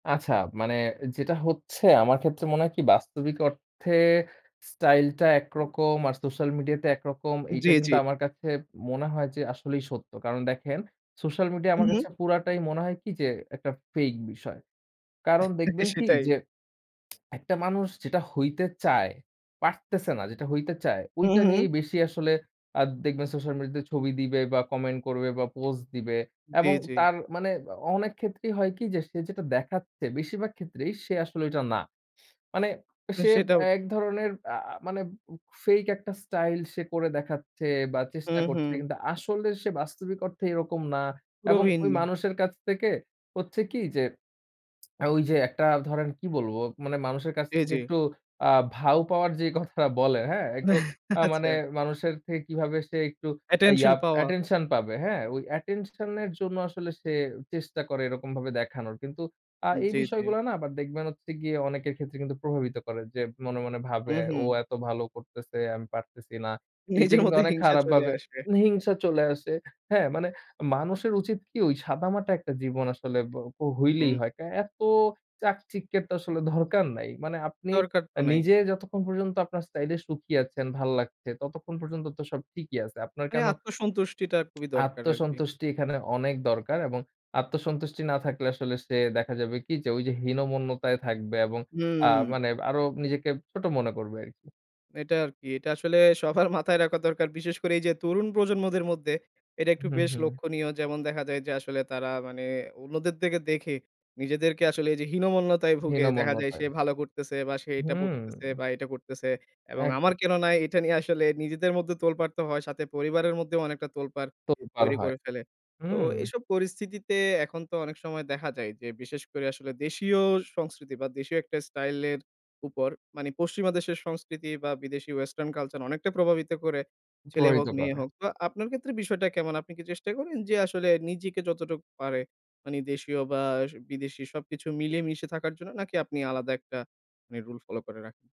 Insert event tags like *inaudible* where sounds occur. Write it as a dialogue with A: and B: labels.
A: আচ্ছা। মানে যেটা হচ্ছে আমার ক্ষেত্রে মনে হয় কি বাস্তবিক অর্থে, স্টাইল টা একরকম, আর সোশ্যাল মিডিয়া তে একরকম, এইটা
B: জ্বী, জ্বী।
A: কিন্তু আমার কাছে মনে হয় যে আসলেই সত্য। কারণ দেখেন সোশ্যাল মিডিয়া আমার
B: হু।
A: কাছে পুরাটাই মনে হয় কি যে একটা ফেক বিষয়। কারণ দেখবেন কি,
B: সেটাই।
A: যে *sucks teeth* একটা মানুষ যেটা হইতে চায়, পারতেছে না, যেটা হইতে চায়,
B: হু,
A: ঐটা নিয়েই
B: হু।
A: বেশি আসলে আ দেখবেন সোশ্যাল মিডিয়াতে ছবি দিবে বা কমেন্ট করবে বা পোস্ট দিবে।
B: জি,
A: এবং
B: জি।
A: তার মানে অনেক ক্ষেত্রেই হয় কি যে, সে যেটা দেখাচ্ছে বেশিরভাগ ক্ষেত্রেই সে আসলে ঐটা না। মানে সে
B: সেটাও
A: এক ধরনের আ মানে ফেক একটা স্টাইল সে করে দেখাচ্ছে, বা
B: হু,
A: চেষ্টা
B: হু।
A: করছে। কিন্তু আসলে সে বাস্তবিক অর্থে এরকম না। এবং ওই
B: প্রবীণ।
A: মানুষের কাছ থেকে হচ্ছে কি যে, *sucks teeth* ওই যে একটা ধরেন কি বলবো, মানে মানুষের কাছ
B: জি,
A: থেকে
B: জি।
A: একটু আ ভাউ পাওয়ার যে কথাটা বলে হ্যাঁ? একটু
B: *chuckles*
A: আ মানে
B: আচ্ছা।
A: মানুষের থেকে কিভাবে সে একটু ইয়া
B: অ্যাটেনশন পাওয়ার।
A: অ্যাটেনশন পাবে। হ্যাঁ? ওই অ্যাটেনশন এর জন্য আসলে সে চেষ্টা করে এরকমভাবে দেখানোর। কিন্তু আ এই
B: জ্বী, জ্বী।
A: বিষয়গুলো না আবার দেখবেন হচ্ছে গিয়ে অনেকের ক্ষেত্রে কিন্তু প্রভাবিত করে, যে মনে, মনে,
B: হু,
A: ভাবে। ও
B: হু।
A: এত ভালো করতেছে, আমি পারতেছি না। এইটা
B: নিজের
A: কিন্তু
B: মধ্যে
A: অনেক
B: হিংসা
A: খারাপ
B: চলে
A: ভাবে
B: আসবে।
A: হিংসা চলে আসে। হ্যাঁ, মানে মানুষের উচিত কি ওই সাদামাটা একটা জীবন আসলে বো পো হইলেই
B: হুম।
A: হয়। কা এত চাকচিক্যের তো আসলে দরকার নাই। মানে আপনি
B: দরকার তো নাই।
A: নিজে যতক্ষণ পর্যন্ত আপনার স্টাইল এ সুখী আছেন, ভাল লাগছে ততক্ষণ পর্যন্ত তো সব ঠিকই আছে। আপনার
B: মানে
A: কেন
B: আত্মসন্তুষ্টিটা
A: *clicks tongue*
B: খুবই দরকার আর কি।
A: আত্মসন্তুষ্টি এখানে অনেক দরকার, এবং আত্মসন্তুষ্টি না থাকলে আসলে সে দেখা যাবে কি যে, ওই যে হীনমন্যতায় থাকবে এবং আ
B: হুম।
A: মানে আরো নিজেকে ছোট মনে করবে আরকি।
B: এটা আরকি। এটা আসলে সবার মাথায় রাখা দরকার। বিশেষ করে এই যে তরুণ প্রজন্মদের মধ্যে, এটা একটু
A: হুম,
B: বেশ
A: হুম।
B: লক্ষনীয়। যেমন দেখা যায় যে, আসলে তারা মানে অন্যদের দিকে দেখে, নিজেদেরকে আসলে এই যে হীনমন্যতায় ভুগে দেখা যায় সে
A: হীনমন্যতায়,
B: ভালো করতেছে, বা সে এটা
A: হুম।
B: করতেছে, বা এটা করতেছে। এবং আমার
A: একদম।
B: কেন নাই? এটা নিয়ে আসলে নিজেদের মধ্যে তোলপাড় তো হয়। সাথে পরিবারের মধ্যেও অনেকটা তোলপাড়
A: তোলপার
B: তৈরি
A: হয়।
B: করে ফেলে। তো
A: হুম।
B: এইসব পরিস্থিতিতে এখন তো অনেক সময় দেখা যায়, যে বিশেষ করে আসলে দেশীয় সংস্কৃতি বা দেশীয় একটা স্টাইল এর উপর, মানে পশ্চিমা দেশের সংস্কৃতি বা বিদেশী ওয়েসটার্ন কালচার অনেকটা প্রভাবিত করে, ছেলে হোক
A: প্রভাবিত
B: মেয়ে
A: করে।
B: হোক। তো আপনার ক্ষেত্রে বিষয়টা কেমন? আপনি কি চেষ্টা করেন, যে আসলে নিজেকে যতটুকু পারে, মানে দেশীয় বা বিদেশি সবকিছু মিলিয়ে মিশে থাকার জন্য নাকি? আপনি আলাদা একটা মানে রুল ফলো করে রাখেন?